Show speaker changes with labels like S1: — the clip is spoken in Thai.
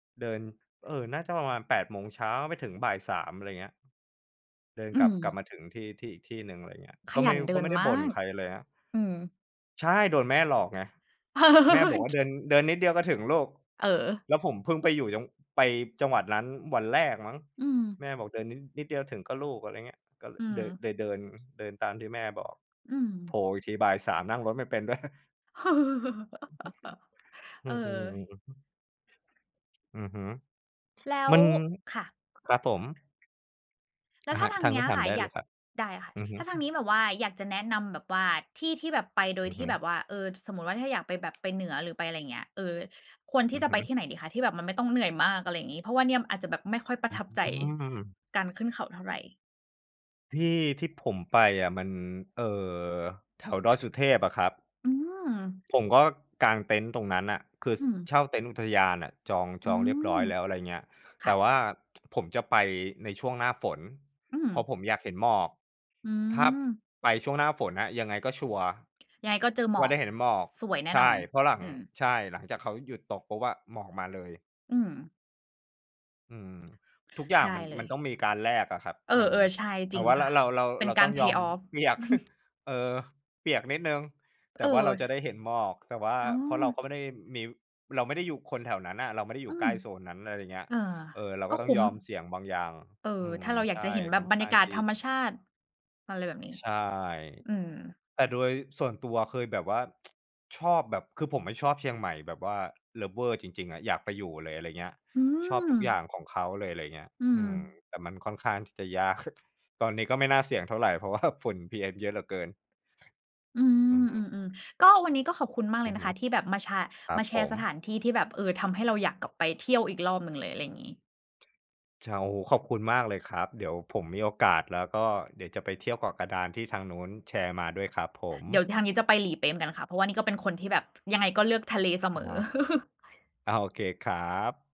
S1: เดิน เอ่อ น่าจะประมาณ 08:00 เช้า ไปถึง 15:00 อะไรเงี้ย เดิน
S2: อื
S1: กลับ กลับ
S2: ม
S1: มาถึงที่ ที่อีกที่หนึ่ง อะไรเงี้ย
S2: ข
S1: ก็ไ
S2: ย
S1: ม่
S2: ันเด
S1: ก็
S2: ิ
S1: ไม
S2: น
S1: ่ได้
S2: มา
S1: บ่น
S2: ก
S1: ใครเลยครับ
S2: อืม
S1: ใช่ โดนแม่หลอกไง แม่บอกว่า "เดิน เดินนิดเดียวก็ถึงลูก"
S2: เ
S1: แล
S2: ออ
S1: ้วผมเพิ่งไปอยู่จัง ไปจังหวัดนั้นวันแรกมั้ง
S2: อืม
S1: แม่บอก "เดินนิด นิดเดียวถึง ก็ ลูก" อะไรเงี้ย ก็
S2: อื
S1: เลอ
S2: ม
S1: เดอ เลยเดิน เดินตามที่แม่บอก
S2: อื
S1: โผ
S2: ม
S1: ล่อีกที 15:00 นั่งรถไม่เป็น ด้วย อื
S2: เออ
S1: อ อืม ๆ อือฮึ
S2: แล้
S1: ม
S2: ว
S1: ัน
S2: ค่ะ
S1: ครับผม
S2: แล้
S1: อ
S2: ว
S1: ะ
S2: ถ้
S1: ฮ
S2: า
S1: ะ
S2: ทา
S1: ท
S2: ง
S1: าง
S2: เน
S1: น
S2: ี้
S1: ู้
S2: ย
S1: นถา
S2: ค
S1: ม
S2: ่ะ
S1: ได้
S2: อย
S1: เล
S2: า
S1: ย
S2: ก
S1: ครับ
S2: ได้ค่ะ
S1: อือฮึ
S2: ถ้าทางนี้แบบว่าอยากจะแนะนำแบบว่าที่ที่แบบไปโด
S1: อ
S2: ย
S1: ือ
S2: ท
S1: ฮ
S2: ี่
S1: ึ
S2: แบบว่า เออ สมมุติว่า ถ้าอยากไปแบบไปเหนือ หรือไปอะไรเงี้ย เออ ควรท
S1: อ
S2: ี่
S1: ือ
S2: จะ
S1: ฮ
S2: ไ
S1: ึ
S2: ปที่ไหนดีคะ? ที่แบบมันไม่ต้องเหนื่อยมาก อะไรงี้ เพราะว่าเนี่ยอาจจะแบบไม่ค่อยปร
S1: อ
S2: ะ
S1: ื
S2: ทับใจ
S1: ม
S2: การขึ้นเขาเท่าไร
S1: ที่ที่ผมไปอะ มัน เอ่อ แถวดอยสุเทพอะครับ
S2: อืม
S1: ผมก็กางเต็นท์ตรงนั้นน่ะ คือ
S2: อ
S1: ส
S2: ื
S1: เ
S2: ม
S1: ช่าเต็นท์อุทยานน่ะ จอง
S2: อ
S1: จ
S2: ื
S1: องเรียบ
S2: ม
S1: ร้อยแล้ว อะไรเงี้ย
S2: ค
S1: แต
S2: ่
S1: ่
S2: ะ
S1: ว่า ผมจะไปในช่วงหน้าฝน
S2: อื
S1: เ
S2: ม
S1: พราะผมอยากเห็นหมอก
S2: อื
S1: ถ้า
S2: ม
S1: ไปช่วงหน้าฝนอะยังไงก็ชัวร์
S2: ยังไงก็เจอหม
S1: ว่
S2: อ
S1: าได
S2: ก
S1: ้เห็นหมอก
S2: สวยแน่
S1: ใช
S2: น
S1: ่
S2: อน
S1: เพราะหลัง
S2: อืม
S1: ใช่ หลังจากเขาหยุดตกปุ๊บอะ หมอกมาเลย
S2: อืม
S1: อืม ทุกอย่าง
S2: ได้
S1: มัน
S2: เล
S1: มั
S2: ย
S1: นต้องมีการแลกอะครับ
S2: เออ
S1: มัน
S2: ๆ ใช่
S1: เร
S2: จร
S1: า
S2: ิง
S1: ว่า
S2: ค
S1: ร
S2: ่ะ
S1: เรา เรา
S2: เป็
S1: เร
S2: น
S1: า
S2: ก
S1: ต้
S2: า
S1: อ
S2: ร
S1: งยอ
S2: pay
S1: ม
S2: off
S1: เปียก เออ เปียกนิดหนึ่ง แต
S2: เ
S1: ่ว่าเราจะไ
S2: ออ
S1: ด้เห็นหมอก แต่ว่า
S2: อ๋
S1: เพราะเรา
S2: อ
S1: ก็ไม่ได้มี เราไม่ได้อยู่ คนแถวนั้นอะ เราไม่ได้อย
S2: อ
S1: ู
S2: ื
S1: ่ใกล
S2: ม
S1: ้โซนนั้น อะไรเงี้ย
S2: เอ่อ
S1: เออ เรา
S2: ก
S1: ก
S2: ็
S1: ็ต้
S2: ค
S1: อง
S2: ุ้
S1: ย
S2: ม
S1: อมเสี่ยงบางอย่าง
S2: เอ่อ
S1: อื
S2: ถ
S1: ม
S2: ้าเราอ
S1: ใ
S2: ยา
S1: ช
S2: ก
S1: ่
S2: จะเห็นแบ
S1: ค่
S2: บ
S1: อน
S2: บร
S1: ข
S2: ร
S1: ้
S2: ย
S1: า
S2: า
S1: ง
S2: กา
S1: ท
S2: ศ
S1: ี่
S2: ธรรมชาติ อะไรแบบนี้
S1: ใช่
S2: อืม
S1: แต่โดยส่วนตัวเคยแบบว่า ชอบแบบ คือผมไม่ชอบเชียงใหม่แบบว่า lover จริง ๆ อะ อยากไปอยู่เลย อะไรเงี้ย
S2: อื
S1: ชอบทุกอย่า
S2: ม
S1: งของเขาเลย อะไรเงี้ย
S2: อื
S1: อืม
S2: ม
S1: แต่มันค่อนข้างที่จะ ยาก ตอนนี้ก็ไม่น่าเสี่ยงเท่าไร เพราะว่า ฝุ่น PM เยอะเหลือเกิน
S2: อื
S1: อืม
S2: ม ๆ ๆ ก็ วันนี้ก็ขอบคุณมาก
S1: อ
S2: เล
S1: ือ
S2: ยน
S1: ฮ
S2: ะ
S1: ึ
S2: คะที่แบบมาชา
S1: ครั
S2: ม
S1: บ
S2: าแช
S1: ผ
S2: ร์
S1: ม
S2: สถานที่ที่แบบ เออ ทำให้เราอยากกลับไปเที่ยวอีกรอบหนึ่งเลย อะไรงี้
S1: ช โอ้โฮ ขอบคุณมากเลยครับ เดี๋ยวผมมีโอกาส แล้วก็เดี๋ยวจะไปเที่ยวเกาะกระดานที่ทางนู้นแชร์มาด้วยครับผม
S2: เดี๋ยวทางนี้จะไปหลีเป๊ะเหมือนกันค่ะ เพราะว่านี่ก็เป็นคนที่แบบยังไงก็เลือกทะเลเส
S1: อะ
S2: ม
S1: ฮ
S2: อ
S1: ะ อา โอเคครับ